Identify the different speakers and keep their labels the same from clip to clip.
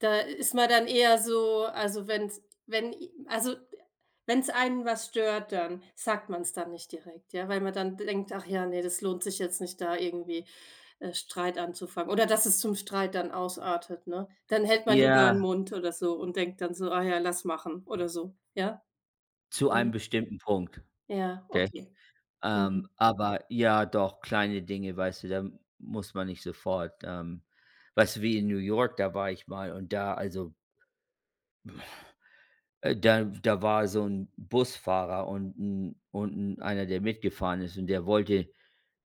Speaker 1: Da ist man dann eher so also, wenn's wenn ih also, wenn's einen was stört, dann sagt man's dann nicht direkt, ja, weil man dann denkt: „Ach ja, ne, das lohnt sich jetzt nicht, da irgendwie äh, Streit anzufangen oder dass es zum Streit dann ausartet“, ne? Dann hält man lieber 'n
Speaker 2: Ja.
Speaker 1: Mund oder so und denkt dann so: „Ah ja, lass machen oder so.“ Ja.
Speaker 2: Zu einem
Speaker 1: [unintelligible]
Speaker 2: bestimmten Punkt,
Speaker 1: Ja,
Speaker 2: gell?
Speaker 1: okay.
Speaker 2: Ähm,
Speaker 1: Mhm.
Speaker 2: aber ja, doch, kleine Dinge, weißt du, da muss man nicht sofort, ähm weißt du wie in New York, da war ich mal und da also äh, da da war so 'n Busfahrer und 'n und 'n einer, der mitgefahren ist und der wollte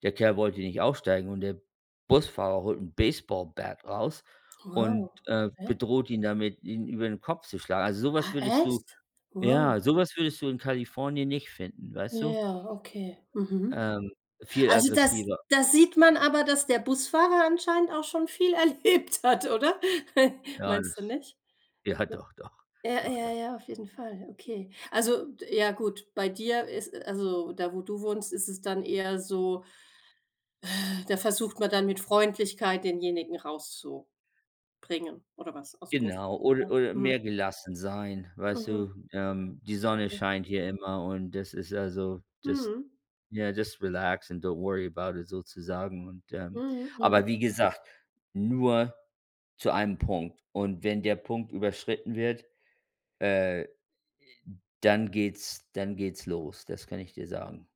Speaker 2: der Kerl wollte nicht aussteigen, und der Busfahrer holt 'n baseball bat raus und,
Speaker 1: Wow.
Speaker 2: äh,
Speaker 1: Okay.
Speaker 2: bedroht ihn damit, ihn über den Kopf zu schlagen. Also, so was
Speaker 1: Ah,
Speaker 2: würdest du
Speaker 1: echt? Wow.
Speaker 2: ja, so was würdest du in Kalifornien nicht finden, weißt du?
Speaker 1: Ja, okay. Mhm.
Speaker 2: Ähm. Viel
Speaker 1: Also, das
Speaker 2: aggressiver.
Speaker 1: da sieht man aber, dass der Busfahrer anscheinend auch schon viel erlebt hat, oder?
Speaker 2: Ja.
Speaker 1: Meinst du
Speaker 2: Das
Speaker 1: nicht?
Speaker 2: ja,
Speaker 1: Ja.
Speaker 2: doch, doch.
Speaker 1: Ja,
Speaker 2: Doch,
Speaker 1: ja,
Speaker 2: doch.
Speaker 1: ja, auf jeden Fall, okay. Also, ja gut, bei dir ist also, da wo du wohnst, ist es dann eher so äh, da versucht man dann mit Freundlichkeit denjenigen rauszubringen oder was ausm Bus.
Speaker 2: Genau,
Speaker 1: Ja.
Speaker 2: oder oder
Speaker 1: Mhm.
Speaker 2: mehr gelassen sein, weißt
Speaker 1: Mhm.
Speaker 2: du? Ähm, die Sonne
Speaker 1: Okay.
Speaker 2: scheint hier immer und das ist also, das
Speaker 1: Mhm.
Speaker 2: ja, das relaxed and don't worry about it sozusagen und, ähm
Speaker 1: Mhm. Mhm.
Speaker 2: aber wie gesagt, nur zu einem Punkt. Und wenn der Punkt überschritten wird, äh, dann geht's dann geht's los, das kann ich dir sagen.